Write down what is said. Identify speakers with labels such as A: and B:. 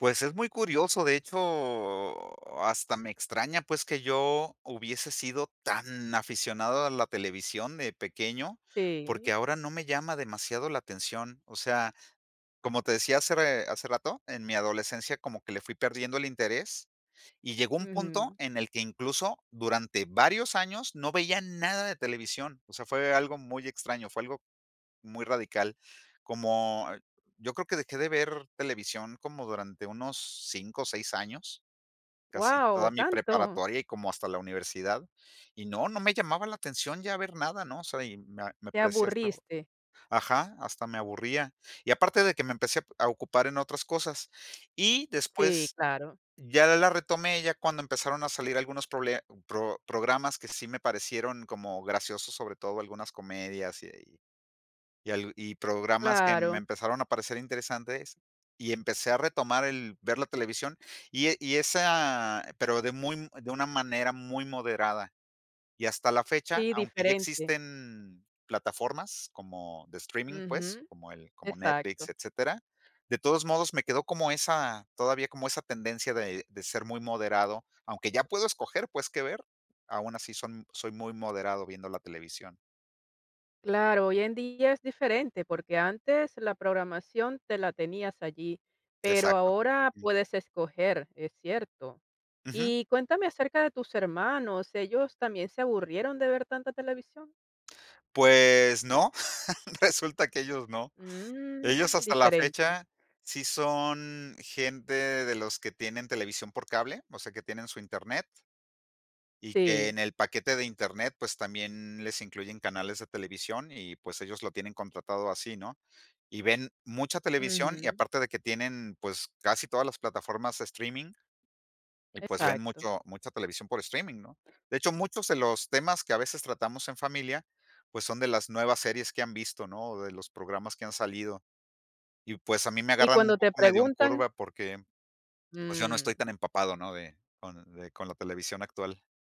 A: Pues es muy curioso, de hecho, hasta me extraña, pues, que yo hubiese sido tan aficionado a la televisión de pequeño, porque
B: Sí.
A: ahora no me llama demasiado la atención. O sea, como te decía hacer, eh, hace rato, en mi adolescencia como que le fui perdiendo el interés y llegó un punto
B: Ujú.
A: en el que incluso durante varios años no veía nada de televisión. O sea, fue algo muy extraño, fue algo muy radical, como yo creo que dejé de ver televisión como durante unos 5 o 6 años, casi toda
B: Wao,
A: mi
B: ¿tanto?
A: preparatoria y como hasta la universidad, y no, no me llamaba la atención ya ver nada, ¿no? O sea, y me me
B: Te
A: parecía hasta
B: aburriste.
A: Ajá, hasta me aburría. Y aparte de que me empecé a ocupar en otras cosas. Y
B: Sí,
A: después
B: claro.
A: ya la retomé, ya cuando empezaron a salir algunos prole pro programas que sí me parecieron como graciosos, sobre todo algunas comedias y y al y programas que me
B: Claro.
A: empezaron a parecer interesantes, y empecé a retomar el ver la televisión y e y esa, pero de muy, de una manera muy moderada. Y hasta la fecha,
B: Sí,
A: aunque ya
B: diferente.
A: existen plataformas como de streaming, pues,
B: Ujú,
A: como el como
B: exacto.
A: Netflix, etcétera, de todos modos, me quedó como esa, todavía como esa tendencia de de ser muy moderado. Aunque ya puedo escoger, pues, qué ver, aun así son soy muy moderado viendo la televisión.
B: Claro, hoy en día es diferente, porque antes la programación te la tenías allí, pero
A: Exacto.
B: ahora puedes escoger, es cierto.
A: Ujú.
B: Y cuéntame acerca de tus hermanos, ¿ellos también se aburrieron de ver tanta televisión?
A: Pues no, resulta que ellos no.
B: Mm,
A: Ellos, hasta la
B: diferente.
A: fecha, sí son gente de los que tienen televisión por cable, o sea, que tienen su Internet y que
B: Sí.
A: en el paquete de Internet, pues, también les incluyen canales de televisión y, pues, ellos lo tienen contratado así, ¿no? Y ven mucha televisión y
B: Ujú.
A: aparte de que tienen, pues, casi todas las plataformas streaming. Y, pues, ven
B: Exacto.
A: mucho mucha televisión por streaming, ¿no? De hecho, muchos de los temas que a veces tratamos en familia, pues, son de las nuevas series que han visto, ¿no? O de los programas que han salido. Y, pues, a mí me
B: ¿Y
A: agarran un
B: cuando te
A: poco medio en
B: preguntan?
A: curva, porque, pues, yo no estoy
B: Mm.
A: tan empapado, ¿no? De con de con la televisión actual.